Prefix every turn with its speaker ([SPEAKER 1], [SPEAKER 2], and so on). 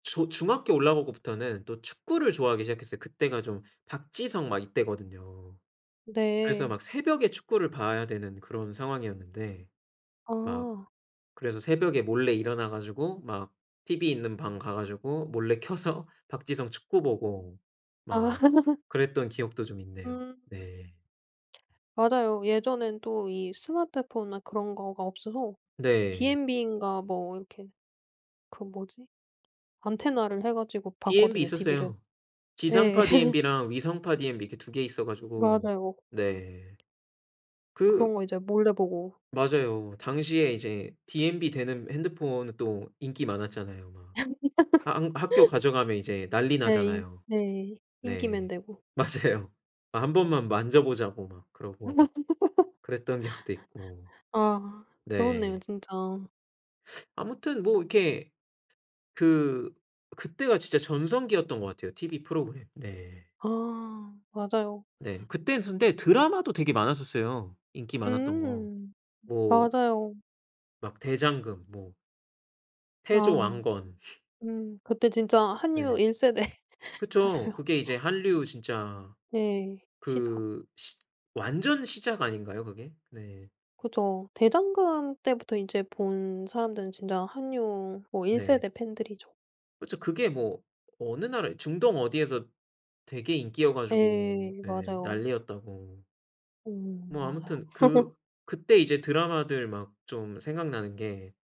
[SPEAKER 1] 저 중학교 올라오고부터는 또 축구를 좋아하기 시작했어요. 그때가 좀 박지성 막 이때거든요. 그래서
[SPEAKER 2] 네.
[SPEAKER 1] 막 새벽에 축구를 봐야 되는 그런 상황이었는데 막
[SPEAKER 2] 아.
[SPEAKER 1] 그래서 새벽에 몰래 일어나 가지고 막 TV 있는 방 가 가지고 몰래 켜서 박지성 축구 보고
[SPEAKER 2] 아.
[SPEAKER 1] 막 그랬던 기억도 좀 있네요.
[SPEAKER 2] 음.
[SPEAKER 1] 네.
[SPEAKER 2] 맞아요. 예전엔 또 이 스마트폰이나 그런 거가 없어서
[SPEAKER 1] 네.
[SPEAKER 2] 디엠비인가 뭐 이렇게 그 뭐지 안테나를 해 가지고
[SPEAKER 1] 디엠비
[SPEAKER 2] 봤거든요 TV를.
[SPEAKER 1] 있었어요.
[SPEAKER 2] 예.
[SPEAKER 1] 지상파 디엠비랑 위성파 디엠비 이렇게 2 개 있어 가지고
[SPEAKER 2] 맞아요.
[SPEAKER 1] 네. 그
[SPEAKER 2] 그런 거 이제 몰래 보고
[SPEAKER 1] 맞아요. 당시에 이제 디엠비 되는 핸드폰은 또 인기 많았잖아요. 막. 하 한 학교 가져가면 이제 난리
[SPEAKER 2] 네
[SPEAKER 1] 나잖아요.
[SPEAKER 2] 네 인기맨
[SPEAKER 1] 네,
[SPEAKER 2] 되고
[SPEAKER 1] 맞아요. 1 번만 만져보자고 막 그러고 그랬던 기억도 있고.
[SPEAKER 2] 아 그렇네요
[SPEAKER 1] 네.
[SPEAKER 2] 진짜.
[SPEAKER 1] 아무튼 뭐 이렇게 그 그때가 진짜 전성기였던 것 같아요. TV 프로그램. 네.
[SPEAKER 2] 아 맞아요.
[SPEAKER 1] 네. 그땐 근데 드라마도 되게 많았었어요 인기 많았던 거.
[SPEAKER 2] 음
[SPEAKER 1] 뭐
[SPEAKER 2] 맞아요.
[SPEAKER 1] 막 대장금 뭐 태조
[SPEAKER 2] 아.
[SPEAKER 1] 왕건.
[SPEAKER 2] 음 그때 진짜 한류
[SPEAKER 1] 네.
[SPEAKER 2] 1
[SPEAKER 1] 그쵸.
[SPEAKER 2] 세대잖아요.
[SPEAKER 1] 그게 이제 한류 진짜
[SPEAKER 2] 네, 시작.
[SPEAKER 1] 그 시 완전 시작 아닌가요 그게? 네.
[SPEAKER 2] 그쵸. 대장금 때부터 인제 본 사람들은 진짜 한류 뭐 1
[SPEAKER 1] 네.
[SPEAKER 2] 세대 팬들이죠.
[SPEAKER 1] 그쵸. 그게 뭐 어느 나라 중동 어디에서 되게 인기여 가지고
[SPEAKER 2] 네
[SPEAKER 1] 예
[SPEAKER 2] 맞아요.
[SPEAKER 1] 난리였다고.
[SPEAKER 2] 오오오
[SPEAKER 1] 뭐
[SPEAKER 2] 맞아요.
[SPEAKER 1] 아무튼 그 그때 이제 드라마들 막 좀 생각나는 게